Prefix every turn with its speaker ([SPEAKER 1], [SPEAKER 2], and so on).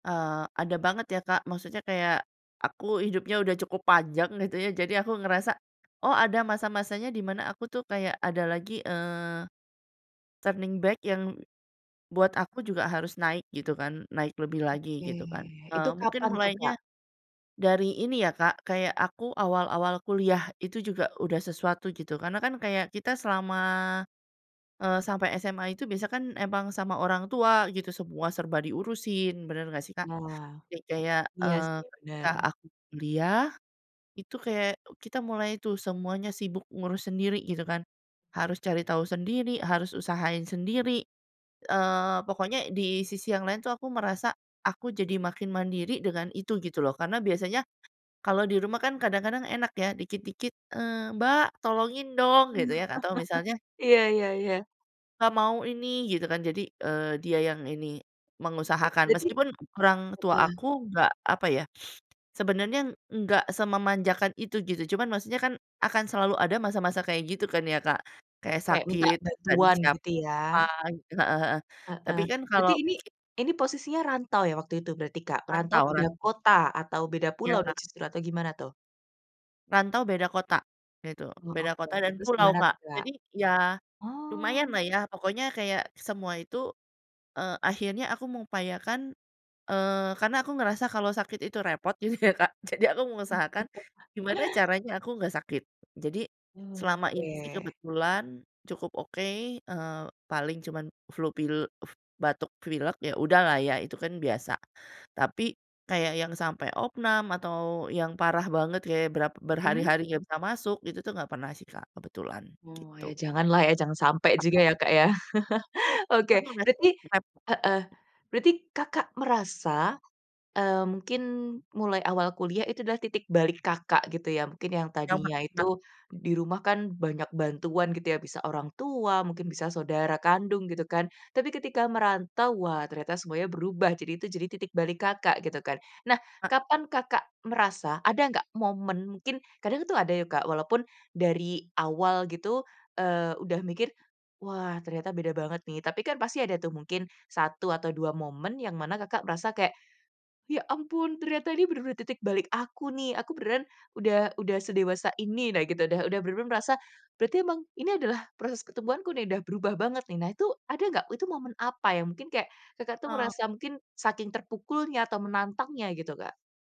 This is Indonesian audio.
[SPEAKER 1] Eee, ada banget ya, Kak, maksudnya kayak aku hidupnya udah cukup panjang gitu ya jadi aku ngerasa, "Oh ada masa-masanya di mana aku tuh kayak ada lagi, eee, turning back yang buat aku juga harus naik," gitu kan. Naik lebih lagi
[SPEAKER 2] Oke
[SPEAKER 1] gitu kan,
[SPEAKER 2] itu
[SPEAKER 1] eee,
[SPEAKER 2] kapan
[SPEAKER 1] mungkin
[SPEAKER 2] tuh, Kak?
[SPEAKER 1] mulanya dari ini ya, Kak, kayak aku awal-awal kuliah itu juga udah sesuatu gitu, karena kan kayak kita selama, eee, sampai SMA itu biasa kan emang sama orang tua gitu, semua serba diurusin, bener nggak sih, Kak?
[SPEAKER 2] Wah,
[SPEAKER 1] Kek kayak,
[SPEAKER 2] iya
[SPEAKER 1] eee,
[SPEAKER 2] sih
[SPEAKER 1] ketika
[SPEAKER 2] benar.
[SPEAKER 1] aku kuliah itu kayak u kita mulai tuh semuanya sibuk ngurus sendiri gitu kan. Harus cari tahu sendiri, harus usahain sendiri, eee, pokoknya di sisi yang lain tuh aku merasa, aku jadi makin mandiri dengan itu gitu loh, karena biasanya kalau di rumah kan kadang-kadang enak ya dikit-dikit, eee, "Mbak tolongin dong" gitu ya atau misalnya
[SPEAKER 2] iya iya iya.
[SPEAKER 1] "Pa mau ini," gitu kan. Jadi, eee, dia yang ini
[SPEAKER 2] Oke,
[SPEAKER 1] mengusahakan.
[SPEAKER 2] jadi
[SPEAKER 1] Meskipun orang tua
[SPEAKER 2] heeh.
[SPEAKER 1] aku nggak, apa ya, sebenarnya enggak sememanjakan itu gitu cuman maksudnya kan akan selalu ada masa-masa kayak gitu kan ya, Kak. Kayak
[SPEAKER 2] Kayak minta
[SPEAKER 1] sakit nggak
[SPEAKER 2] bantuan
[SPEAKER 1] dicap
[SPEAKER 2] gitu ya?
[SPEAKER 1] apa gitu heeh heeh, tapi
[SPEAKER 2] Heeh.
[SPEAKER 1] kan kalau
[SPEAKER 2] Berarti ini,
[SPEAKER 1] ki
[SPEAKER 2] ini posisinya rantau ya waktu itu berarti, Kak? Perantau
[SPEAKER 1] Rantau
[SPEAKER 2] beda
[SPEAKER 1] rantau.
[SPEAKER 2] kota, atau beda pulau
[SPEAKER 1] Iya,
[SPEAKER 2] nih
[SPEAKER 1] Kak.
[SPEAKER 2] justru atau gimana tuh?
[SPEAKER 1] Rantau beda kota, gitu.
[SPEAKER 2] Oh,
[SPEAKER 1] Beda
[SPEAKER 2] oke
[SPEAKER 1] kota
[SPEAKER 2] oke.
[SPEAKER 1] dan
[SPEAKER 2] Terus
[SPEAKER 1] pulau,
[SPEAKER 2] gimana
[SPEAKER 1] Kak.
[SPEAKER 2] tuh, Kak?
[SPEAKER 1] Jadi ya
[SPEAKER 2] Oh.
[SPEAKER 1] lumayanlah ya, pokoknya kayak semua itu, eee, akhirnya aku mengupayakan, eee, karena aku ngerasa kalau sakit itu repot gitu ya, Kak, jadi aku
[SPEAKER 2] Wah.
[SPEAKER 1] mengusahakan, gimana caranya aku nggak sakit. Jadi
[SPEAKER 2] Hmm,
[SPEAKER 1] selama ini sih
[SPEAKER 2] oke.
[SPEAKER 1] kebetulan cukup oke, eee, paling cuman flu pil f batuk pilek ya udahlah ya itu kan biasa. Tapi kayak yang sampai opname atau yang parah banget kayak berap
[SPEAKER 2] Mhm.
[SPEAKER 1] berhari-hari nggak bisa masuk, itu tuh nggak pernah sih, Kak, kebetulan,
[SPEAKER 2] Oh ya
[SPEAKER 1] gitu.
[SPEAKER 2] janganlah ya jangan sampai juga
[SPEAKER 1] Mhm.
[SPEAKER 2] ya, Kak, ya. Oke, berarti heeh,
[SPEAKER 1] [unintelligible]
[SPEAKER 2] berarti Kakak merasa, eee, mungkin mulai awal kuliah itu adalah titik balik Kakak gitu ya. Mungkin yang
[SPEAKER 1] Yang ma
[SPEAKER 2] tadinya
[SPEAKER 1] na?
[SPEAKER 2] itu di rumah kan banyak bantuan gitu ya bisa orang tua mungkin bisa saudara kandung gitu kan. Tapi ketika merantau wah ternyata semuanya berubah, jadi itu jadi titik balik Kakak gitu kan. Nah
[SPEAKER 1] Heeh.
[SPEAKER 2] kapan Kakak merasa ada nggak momen mungkin kadang tuh ada ya, Kak, walaupun dari awal gitu, eee, udah mikir, "Wah ternyata beda banget nih," tapi kan pasti ada tuh mungkin 1 atau 2 momen yang mana Kakak merasa kayak, "Ya ampun ternyata ini bener-bener titik balik aku nih, aku beneran udah udah sedewasa ini." Nah gitu, udah udah bener-bener merasa, "Berarti memang ini adalah proses ketemuanku nih, udah berubah banget nih." Nah itu ada nggak, itu momen apa? Ya mungkin kayak Kakak tuh
[SPEAKER 1] Eee.
[SPEAKER 2] merasa mungkin saking terpukulnya atau menantangnya gitu, Kak.